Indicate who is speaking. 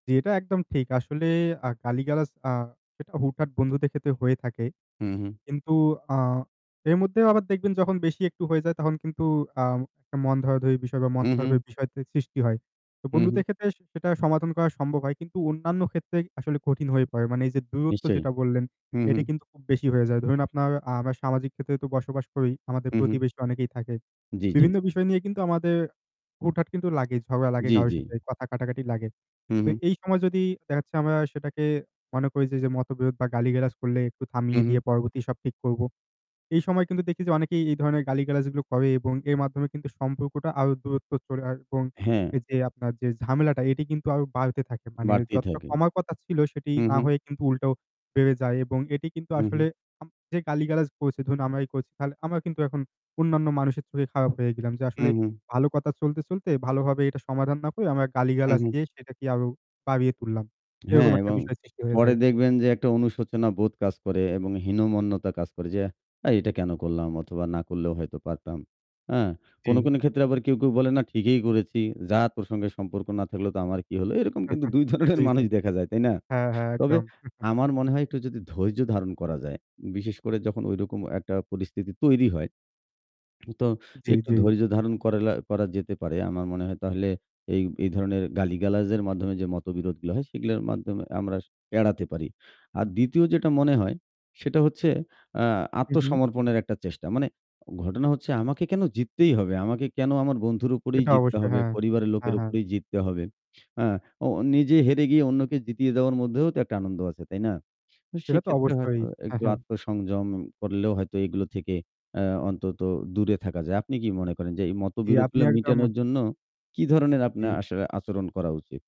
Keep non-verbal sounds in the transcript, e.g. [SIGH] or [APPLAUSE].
Speaker 1: জ্বি, এটা একদম ঠিক। আসলে আ গালিগালাজ আ সেটা হুট-হাট বন্ধুদের ক্ষেত্রে হয়ে থাকে।
Speaker 2: হু, হু।
Speaker 1: কিন্তু আ এর মধ্যেও আবার দেখবেন যখন বেশি একটু হয়ে যায় তখন কিন্তু আ একটা মন ধরাধরি বিষয় বা মন
Speaker 2: হু,
Speaker 1: খারাপের
Speaker 2: হু।
Speaker 1: বিষয় সৃষ্টি হয়। তো
Speaker 2: হু, হু।
Speaker 1: বন্ধুদের ক্ষেত্রে সেটা সমাধান করা সম্ভব হয়। কিন্তু অন্যান্য ক্ষেত্রে আসলে কঠিন হয়ে পড়ে। মানে এই যে দূরত্ব
Speaker 2: নিশ্চয়ই।
Speaker 1: যেটা বললেন
Speaker 2: হু, হু।
Speaker 1: এটি কিন্তু খুব বেশি হয়ে যায়। ধরুন আপনার আমরা সামাজিক ক্ষেত্রে তো বসবাস করি আমাদের
Speaker 2: হু, হু।
Speaker 1: প্রতিবেশী অনেকেই থাকে।
Speaker 2: জ্বি, জ্বি।
Speaker 1: বিভিন্ন বিষয় নিয়ে কিন্তু আমাদের হুটহাট কিন্তু লাগে ঝগড়া লাগে
Speaker 2: জ্বি,
Speaker 1: কারো
Speaker 2: জ্বি।
Speaker 1: সাথে কথা কাটাকাটি লাগে।
Speaker 2: হু,
Speaker 1: তো
Speaker 2: হু।
Speaker 1: এই সময় যদি দেখা যাচ্ছে আমরা সেটাকে মনে করি যে যে মতবিরোধ বা গালি-গালাজ করলে একটু
Speaker 2: হু,
Speaker 1: থামিয়ে দিয়ে
Speaker 2: হু।
Speaker 1: পরবর্তী সব ঠিক করব। এই সময় কিন্তু দেখি যে অনেকেই এই ধরনের গালিগালাজগুলো করে এবং এর মাধ্যমে কিন্তু সম্পর্কটা আরো দূরত্ব চলে এবং
Speaker 2: হ্যাঁ।
Speaker 1: এই যে আপনার যে ঝামেলাটা এটি কিন্তু আরো বাড়তে থাকে। মানে
Speaker 2: বাড়তেই
Speaker 1: যতটা
Speaker 2: থাকে।
Speaker 1: কমার কথা ছিল সেটি
Speaker 2: হু,
Speaker 1: না
Speaker 2: হু।
Speaker 1: হয়ে কিন্তু উল্টোও বেড়ে যায় এবং এটি কিন্তু
Speaker 2: হু, হু।
Speaker 1: আসলে [UNINTELLIGIBLE] যে গালিগালাজ করছে ধরুন আমরাই করছি আমরা কিন্তু এখন অন্যান্য মানুষের চোখে খারাপ হয়ে গেলাম যে
Speaker 2: হু,
Speaker 1: আসলে
Speaker 2: হু।
Speaker 1: ভালো কথা চলতে, চলতে ভালোভাবে এটা সমাধান না করে আমরা
Speaker 2: হু,
Speaker 1: গালিগালাজ
Speaker 2: হু।
Speaker 1: দিয়ে সেটাকে আরো বাড়িয়ে তুললাম।
Speaker 2: হ্যাঁ
Speaker 1: এরকম একটা
Speaker 2: এবং
Speaker 1: বিষয় সৃষ্টি হয়ে
Speaker 2: পরে
Speaker 1: যায়।
Speaker 2: দেখবেন যে একটা অনুশোচনা বোধ কাজ করে এবং হীনমন্যতা কাজ করে, যে "এই এটা কেন করলাম" অথবা "না করলেও হয়তো পারতাম।" হ্যাঁ? কোন,
Speaker 1: জ্বি।
Speaker 2: কোন ক্ষেত্রে আবার কে কেউ বলে "না ঠিকই করেছি। যার প্রসঙ্গে সম্পর্ক না থাকলেও তো আমার কি হলো।" এরকম কিন্তু
Speaker 1: [CHUCKLES]
Speaker 2: ২ ধরনের
Speaker 1: জ্বি,
Speaker 2: মানুষ
Speaker 1: জ্বি।
Speaker 2: দেখা যায়। তাই না?
Speaker 1: হ্যাঁ, হ্যাঁ।
Speaker 2: তবে
Speaker 1: একদম। [CHUCKLES]
Speaker 2: আমার মনে হয় একটু যদি ধৈর্য ধারণ করা যায়, বিশেষ করে যখন ঐরকম একটা পরিস্থিতি তৈরি হয় [SMACKS LIPS] তো
Speaker 1: জ্বি,
Speaker 2: একটু
Speaker 1: জ্বি।
Speaker 2: ধৈর্য ধারণ করেলা করা যেতে পারে। আমার মনে হয় তাহলে এই এই ধরনের গালিগালাজের মাধ্যমে যে মতবিরোধগুলো হয় সেগুলোর মাধ্যমে আমরা এড়াতে পারি। আর দ্বিতীয় যেটা মনে হয় সেটা হচ্ছে আ
Speaker 1: হু, হু।
Speaker 2: আত্মসমর্পণের একটা চেষ্টা। মানে ঘটনা হচ্ছে আমাকে কেন জিততেই হবে, আমাকে কেন আমার বন্ধুর উপরেই
Speaker 1: এটা
Speaker 2: জিততে
Speaker 1: অবশ্যই।
Speaker 2: হবে,
Speaker 1: হ্যাঁ,
Speaker 2: পরিবারের
Speaker 1: হ্যাঁ,
Speaker 2: লোকের
Speaker 1: হ্যাঁ।
Speaker 2: উপরেই জিততে হবে। আ ও নিজে হেরে গিয়ে অন্যকে জিতিয়ে দেওয়ার মধ্যেও তো একটা আনন্দ আছে। তাই না?
Speaker 1: সেটা তো
Speaker 2: সেক্ষেত্রে
Speaker 1: অবশ্যই।
Speaker 2: হয়তো
Speaker 1: হ্যাঁ,
Speaker 2: একটু
Speaker 1: হ্যাঁ।
Speaker 2: আত্মসংযম করলেও হয়তো এগুলো থেকে আ অন্তত দূরে থাকা যায়। আপনি কি মনে করেন যে এই
Speaker 1: জ্বি, আপনি
Speaker 2: মতবিরোধগুলো
Speaker 1: একদম
Speaker 2: মিটানোর জন্য কি ধরনের
Speaker 1: জ্বি।
Speaker 2: আপনার আসলে আচরণ করা উচিত?